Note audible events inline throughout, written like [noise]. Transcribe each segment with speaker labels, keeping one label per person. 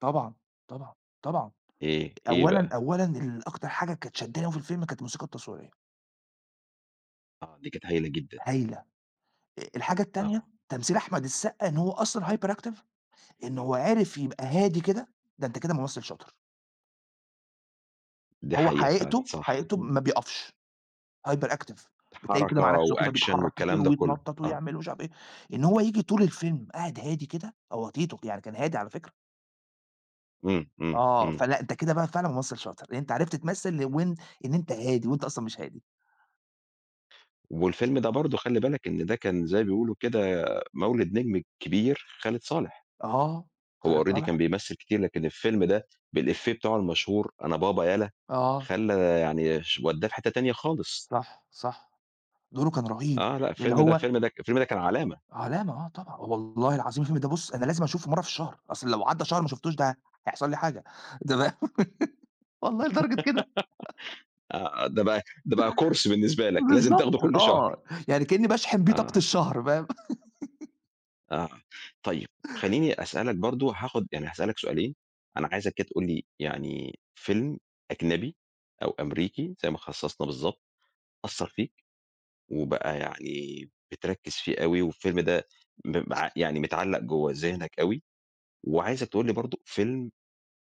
Speaker 1: طبعًا، طبعًا، طبعًا.
Speaker 2: إيه؟ إيه
Speaker 1: أولًا
Speaker 2: بقى؟
Speaker 1: أولًا ال أكتر حاجة كانت شدّاني أوي في الفيلم كانت الموسيقى التصويرية.
Speaker 2: آه، دي كانت هايلة جدًا.
Speaker 1: هايلة! أ الحاجة التانية
Speaker 2: آه.
Speaker 1: تمثيل أحمد السقا إن هو أصلًا hyperactive، إن هو عرف يبقى هادي كده، ده أنت كده ممثل شاطر.
Speaker 2: دي
Speaker 1: هو
Speaker 2: حقيقة فعلًا،
Speaker 1: حقيقته
Speaker 2: صح.
Speaker 1: حقيقته
Speaker 2: إمم.
Speaker 1: ما بيقفش، hyperactive بتلاقيه كده
Speaker 2: حركة
Speaker 1: مع نفسه كده
Speaker 2: وأكشن
Speaker 1: بيتحرك كتير
Speaker 2: والكلام ده كله،
Speaker 1: ويتنطط
Speaker 2: آه.
Speaker 1: ويعمل ومش عارف إيه. إن هو ييجي طول الفيلم قاعد هادي كده، هو تيتو، يعني كان هادي على فكرة.
Speaker 2: إمم إمم
Speaker 1: آه،
Speaker 2: إمم.
Speaker 1: فلأ أنت كده بقى فعلًا ممثل شاطر، لإن أنت عرفت تمثل وإن إن أنت هادي وأنت أصلًا مش هادي.
Speaker 2: والفيلم ده برضه خلي بالك إن ده كان زي ما بيقولوا كده، مولد نجم كبير خالد صالح.
Speaker 1: آه، خالد
Speaker 2: هو already كان
Speaker 1: صالح.
Speaker 2: بيمثل كتير، لكن الفيلم ده بالإيفيه بتاعه المشهور "أنا بابا يلّا."
Speaker 1: آه.
Speaker 2: خلّى يعني ش ودّاه في حِتّة تانية خالص.
Speaker 1: صح صح، دوره كان رهيب،
Speaker 2: آه، لأ
Speaker 1: اللي
Speaker 2: الفيلم ده
Speaker 1: هو
Speaker 2: فيلم الفيلم ده كان علامة.
Speaker 1: علامة آه، طبعًا والله العظيم الفيلم ده بُصّ
Speaker 2: [unintelligible]
Speaker 1: أنا لازم أشوفه مرة في الشهر، أصل لو عدّى شهر وما شفتوش ده هيحصل لي حاجة ده والله
Speaker 2: [giggles]
Speaker 1: لدرجة كده.
Speaker 2: آه، آه، ده
Speaker 1: [laughs]
Speaker 2: بقى ده بقى كورس بالنسبة لك، لازم
Speaker 1: بالضبط.
Speaker 2: تاخده كل شهر.
Speaker 1: آه، يعني كأني باشحن بيه طاقة
Speaker 2: آه.
Speaker 1: الشهر، فاهم؟ [laughs]
Speaker 2: آه. طيب. خلّيني أسألك برضه هاخد يعني هاسألك سؤالين، أنا عايزك كده تقول لي يعني فيلم أجنبي أو أمريكي زي ما خصصنا بالضبط، أثّر فيك وبقى يعني بتركّز فيه أوي والفيلم ده م مع يعني متعلق جوّا ذهنك أوي وعايزك تقول لي برضه فيلم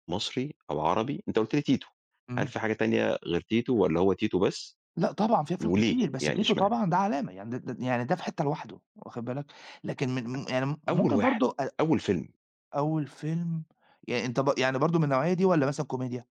Speaker 2: مصري أو عربي- أنت قُلت لي تيتو- هل
Speaker 1: إمم.
Speaker 2: في حاجة تانية غير تيتو والّا هو تيتو بس.
Speaker 1: لأ طبعًا في أفلام
Speaker 2: وليه
Speaker 1: كتير، بس
Speaker 2: يعني،
Speaker 1: تيتو
Speaker 2: إشمعنى؟
Speaker 1: طبعًا ده علامة، يعني د د يعني ده في حِتّة لوحده، واخُد بالك، لكن من م يعني م
Speaker 2: [unintelligible] أول
Speaker 1: ممكن
Speaker 2: واحد،
Speaker 1: برضه أ
Speaker 2: أول فيلم.
Speaker 1: أول فيلم يعني أنت بر يعني برضه من النوعية دي والّا مثلًا كوميديا؟